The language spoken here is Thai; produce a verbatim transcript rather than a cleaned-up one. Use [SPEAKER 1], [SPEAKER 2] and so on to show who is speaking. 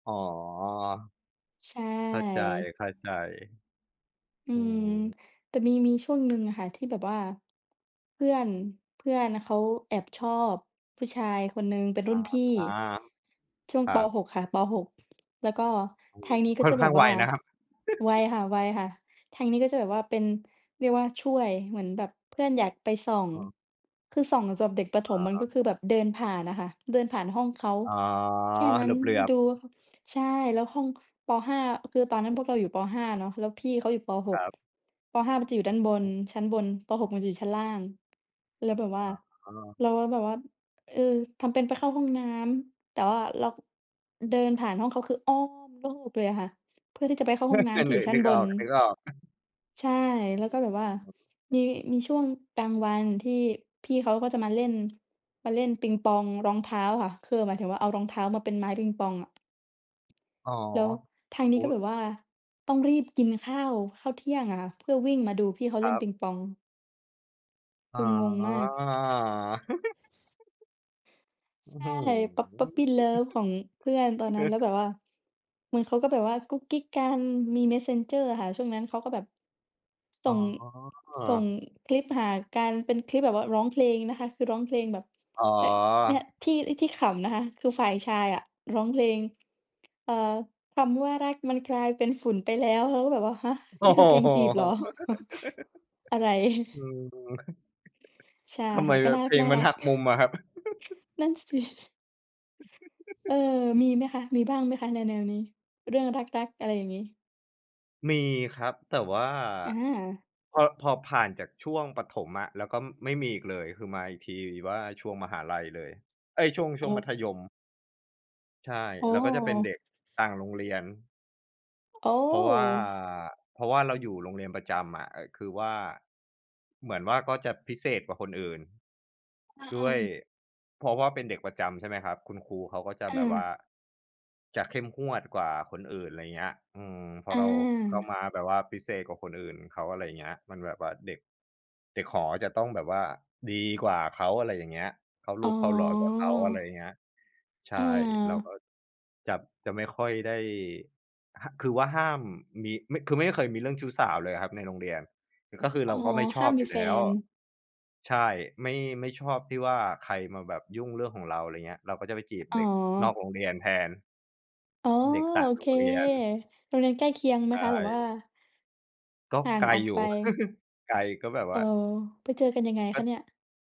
[SPEAKER 1] อ๋อ
[SPEAKER 2] ใช
[SPEAKER 1] เข้าใ
[SPEAKER 2] ่
[SPEAKER 1] จ
[SPEAKER 2] อื
[SPEAKER 1] ๆ อื
[SPEAKER 2] ม
[SPEAKER 1] ม
[SPEAKER 2] แต่มี มีช่วงหนึ่งอะค่ะที่แบบว่า เพื่อน เพื่อนเขาแอบชอบผู้ชายคนหนึ่ง เป็นร
[SPEAKER 1] อ
[SPEAKER 2] ุ่
[SPEAKER 1] า
[SPEAKER 2] นพี่
[SPEAKER 1] ๆ
[SPEAKER 2] ช่วง
[SPEAKER 1] ครั
[SPEAKER 2] ป. ห
[SPEAKER 1] บ
[SPEAKER 2] ก ค่ะ ป. หก แล้วก็
[SPEAKER 1] โอ้
[SPEAKER 2] ท
[SPEAKER 1] โฮ
[SPEAKER 2] างนี้ก็
[SPEAKER 1] ค่
[SPEAKER 2] จ
[SPEAKER 1] อน
[SPEAKER 2] ะแ
[SPEAKER 1] ข
[SPEAKER 2] บ
[SPEAKER 1] ้า
[SPEAKER 2] บ
[SPEAKER 1] งไ
[SPEAKER 2] ว
[SPEAKER 1] ว
[SPEAKER 2] ่า
[SPEAKER 1] นะครับ
[SPEAKER 2] ไวค่ะ ๆ ทางนี้ก็จะแบบว่าเป็น เรียกว่า ช่วย เหมือนแบบเพื่อนอยากไปส่อง
[SPEAKER 1] อ๋อ
[SPEAKER 2] คือส่องสำหรับเด็กประถ
[SPEAKER 1] อ
[SPEAKER 2] ม
[SPEAKER 1] ะ
[SPEAKER 2] มัน
[SPEAKER 1] ฮ
[SPEAKER 2] ก็
[SPEAKER 1] ะ
[SPEAKER 2] คือแบบเดินผ่านน่ะค่ะ เดินผ่านห้องเขา
[SPEAKER 1] อ๋อ
[SPEAKER 2] แค่นั้
[SPEAKER 1] เห
[SPEAKER 2] น
[SPEAKER 1] ลือ
[SPEAKER 2] ด
[SPEAKER 1] บ
[SPEAKER 2] ู
[SPEAKER 1] ๆ
[SPEAKER 2] ใช่ แล้วห้อง ป. ห้า อ คือตอนนั้นพวกเราอยู่ ป. ห้า เนาะ แล้วพี่เขาอยู่ ป. ห
[SPEAKER 1] คร
[SPEAKER 2] ก
[SPEAKER 1] ับ
[SPEAKER 2] ป. ห้า มันจะอยู่ด
[SPEAKER 1] อ
[SPEAKER 2] ้
[SPEAKER 1] ื
[SPEAKER 2] า
[SPEAKER 1] อ
[SPEAKER 2] นบน
[SPEAKER 1] ฮึ
[SPEAKER 2] ชั้นบน ป. หก มันจะอยู่ชั้นล่าง แล้วแบบว่า
[SPEAKER 1] อ๋อ
[SPEAKER 2] เราก็แบบว่า เอ่อ ทำเป็นไปเข้าห้องน้ำ แต่ว่าเรา เดินผ่านห้องเขา คืออ้อมโลกเลยอะค่ะ เพื่อที่จะไปเข้าห้องน้
[SPEAKER 1] คื
[SPEAKER 2] ำ
[SPEAKER 1] อ
[SPEAKER 2] ที่
[SPEAKER 1] น
[SPEAKER 2] อย
[SPEAKER 1] ึ
[SPEAKER 2] ู่
[SPEAKER 1] ก
[SPEAKER 2] ชั้
[SPEAKER 1] น
[SPEAKER 2] น
[SPEAKER 1] ึก
[SPEAKER 2] บ
[SPEAKER 1] อ
[SPEAKER 2] น
[SPEAKER 1] อก ๆ
[SPEAKER 2] ใช่ แล้วก็แบบว่ามี มีช่วงกลางวันที่พี่เขาก็จะมาเล่น มาเล่นปิงปองรองเท้าค่ะ คือหมายถึงว่า เอารองเท้ามาเป็นไม้ปิงปองอะ
[SPEAKER 1] อ๋อ
[SPEAKER 2] แล้วทาง
[SPEAKER 1] โ
[SPEAKER 2] นี
[SPEAKER 1] อ
[SPEAKER 2] ้
[SPEAKER 1] ้
[SPEAKER 2] ก็แบบว่าต้องรีบกินข้าว ข้าวเที่ยงอะค่ะ เพื่อวิ่งมาดูพี่เขา
[SPEAKER 1] ค
[SPEAKER 2] เล่
[SPEAKER 1] รั
[SPEAKER 2] น
[SPEAKER 1] บ
[SPEAKER 2] ปิงปอง
[SPEAKER 1] อ
[SPEAKER 2] ค
[SPEAKER 1] ๋
[SPEAKER 2] ื
[SPEAKER 1] อ
[SPEAKER 2] องงมาก
[SPEAKER 1] อื้อ
[SPEAKER 2] ใช
[SPEAKER 1] ฮื
[SPEAKER 2] ่ Pup Puppy love ของเพื่อนต
[SPEAKER 1] อ
[SPEAKER 2] อนนั้น แล้วแบบว่า เหมือนเขาก็แบบว่ากุ๊กกิ๊กกันมี Messenger อะค่ะ ช่วงนั้น เขาก็แบบ ส
[SPEAKER 1] อ
[SPEAKER 2] ่
[SPEAKER 1] ๋
[SPEAKER 2] ง ส่ง
[SPEAKER 1] อ
[SPEAKER 2] คลิปหากัน เป็นคลิปแบบว่าร้องเพลงนะคะ คือร้องเพลงแบบ
[SPEAKER 1] อ๋
[SPEAKER 2] แต่ เนี่ย
[SPEAKER 1] อ
[SPEAKER 2] ที่ ไอ้ ที่ขำนะคะคือฝ่ายชายอะร้องเพลง เอ่อ "คำว่ารัก มันกลายเป็นฝุ่นไปแล้ว" เราก็แบบว่า ฮะ
[SPEAKER 1] โอ้
[SPEAKER 2] นี่
[SPEAKER 1] โ
[SPEAKER 2] ค
[SPEAKER 1] ฮ
[SPEAKER 2] ือเพลงจีบเหรอ อะไร
[SPEAKER 1] อืม
[SPEAKER 2] ใช่
[SPEAKER 1] ทำ
[SPEAKER 2] ค
[SPEAKER 1] ไม
[SPEAKER 2] ่ะ ก
[SPEAKER 1] แ
[SPEAKER 2] ็
[SPEAKER 1] บ
[SPEAKER 2] น่
[SPEAKER 1] บ
[SPEAKER 2] า
[SPEAKER 1] เพลงมั
[SPEAKER 2] ร
[SPEAKER 1] น
[SPEAKER 2] ัก
[SPEAKER 1] หั
[SPEAKER 2] ๆ
[SPEAKER 1] กมุมอะครับ?
[SPEAKER 2] นั่นสิ เออ มีไหมคะ? มีบ้างไหมคะ? แนว ๆ นี้ เรื่องรัก ๆ อะไรอย่างงี้
[SPEAKER 1] มีครับ แต่ว่า
[SPEAKER 2] อา
[SPEAKER 1] พอ พอผ่านจากช่วงประถมอะ แล้วก็ไม่มีอีกเลย คือมาอีกทีว่า ช่วงมหาลัยเลย เอ๊ย ช่วง ช
[SPEAKER 2] โอ
[SPEAKER 1] ่วงมัธยม
[SPEAKER 2] ้
[SPEAKER 1] ใช่
[SPEAKER 2] โอ้
[SPEAKER 1] แล้ว
[SPEAKER 2] โ
[SPEAKER 1] ก็จะเป็นเด็
[SPEAKER 2] ฮ
[SPEAKER 1] กต่างโรงเรียน
[SPEAKER 2] โอ
[SPEAKER 1] เพราะว่า
[SPEAKER 2] ้!
[SPEAKER 1] เพราะว่า เราอยู่โรงเรียนประจำอะ เอ่อ คือว่า เหมือนว่า ก็จะพิเศษกว่าคนอื่น
[SPEAKER 2] อ
[SPEAKER 1] ด้
[SPEAKER 2] า
[SPEAKER 1] วย
[SPEAKER 2] ๆ
[SPEAKER 1] เพราะว่า เป็นเด็กประจำใช่ไหมครับ คุณครูเขาก็จะ
[SPEAKER 2] อ
[SPEAKER 1] แบบว่า
[SPEAKER 2] า
[SPEAKER 1] จะเข้มงวดกว่าคนอื่น ไรเงี้ย อืม พอ
[SPEAKER 2] อ
[SPEAKER 1] เราเข้า
[SPEAKER 2] า
[SPEAKER 1] มาแบบว่าพิเศษกว่าคนอื่นเขา อะไรเงี้ย มันแบบว่าเด็ก เด็กหอจะต้องแบบว่าดีกว่าเขา อะไรอย่างเงี้ย เข้าร
[SPEAKER 2] อ๋
[SPEAKER 1] ูปเข้ารอยกว่าเขา อะไร
[SPEAKER 2] อ
[SPEAKER 1] เงี้ย ใช่ เราก
[SPEAKER 2] เออ
[SPEAKER 1] ็จะ จะไม่ค่อยได้ หะ คือว่าห้ามมี ไม่ คือไม่เคยมีเรื่องชู้สาวเลยอะครับในโรงเรียน ก็คือ
[SPEAKER 2] อ
[SPEAKER 1] เ
[SPEAKER 2] ๋อ
[SPEAKER 1] ราก็ไม่ช
[SPEAKER 2] ห้
[SPEAKER 1] อ
[SPEAKER 2] า
[SPEAKER 1] บ
[SPEAKER 2] ม
[SPEAKER 1] อ
[SPEAKER 2] ม
[SPEAKER 1] ย
[SPEAKER 2] ี
[SPEAKER 1] ู่
[SPEAKER 2] แฟ
[SPEAKER 1] แล้ว
[SPEAKER 2] น
[SPEAKER 1] ใช่ ไม่ ไม่ชอบที่ว่า ใครมาแบบยุ่งเรื่องของเรา ไรเงี้ย เราก็จะไปจีบ
[SPEAKER 2] อ๋อ
[SPEAKER 1] เด็กนอกโรงเรียนแทน
[SPEAKER 2] อ๋อ
[SPEAKER 1] เด็กต่า
[SPEAKER 2] โอ
[SPEAKER 1] งโ
[SPEAKER 2] เ
[SPEAKER 1] ร
[SPEAKER 2] ค
[SPEAKER 1] งเรียน
[SPEAKER 2] โรงเรียนใกล้เคียงไห
[SPEAKER 1] ใ
[SPEAKER 2] ม
[SPEAKER 1] ช
[SPEAKER 2] คะ? หรือว่า
[SPEAKER 1] ่ ก็
[SPEAKER 2] ห่า
[SPEAKER 1] ไ
[SPEAKER 2] ง
[SPEAKER 1] กล
[SPEAKER 2] ออก
[SPEAKER 1] อย
[SPEAKER 2] ไ
[SPEAKER 1] ู
[SPEAKER 2] ป
[SPEAKER 1] ่ ไกลก็แบบว
[SPEAKER 2] อ๋อ
[SPEAKER 1] ่า
[SPEAKER 2] ไปเจอกันยังไงค
[SPEAKER 1] ก็
[SPEAKER 2] ะเนี่ย?